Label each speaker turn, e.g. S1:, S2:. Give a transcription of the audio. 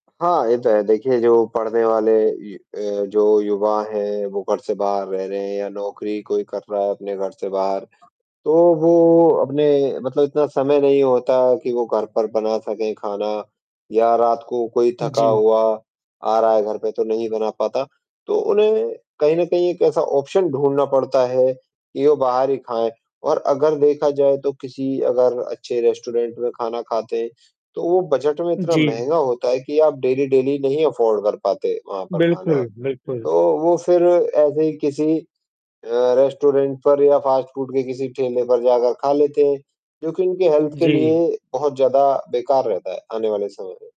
S1: हाँ, ये तो है। देखिए, जो पढ़ने वाले ये अ, जो युवा हैं, वो घर से बाहर रह रहे हैं या नौकरी कोई कर रहा है अपने घर से बाहर, तो वो अपने मतलब इतना समय नहीं होता कि वो घर पर बना सकें खाना या रात को कोई थका
S2: जी।
S1: हुआ आ रहा है घर पे, तो नहीं बना पाता, तो उन्हें कहीं न कहीं एक ऐसा ऑप्शन ढूँढ़ना पड़ता है कि वो बाहर ही खाएँ और अगर देखा जाए तो किसी अगर अच्छे रेस्टोरेंट में खाना खाते हैं, तो वो बजट में इतना
S2: जी।
S1: महँगा होता है कि आप डेली-डेली नहीं अफ़ोर्ड कर पाते वहाँ पर खाना,
S2: बिल्कुल, बिल्कुल।
S1: तो वो फ़िर ऐसे ही किसी अ, रेस्टोरेंट पर या फ़ास्ट फ़ूड के किसी ठेले पर जाकर खा लेते हैं, जो कि इनके हेल्थ के
S2: जी।
S1: लिए बहुत ज़्यादा बेकार रहता है, आने वाले समय में।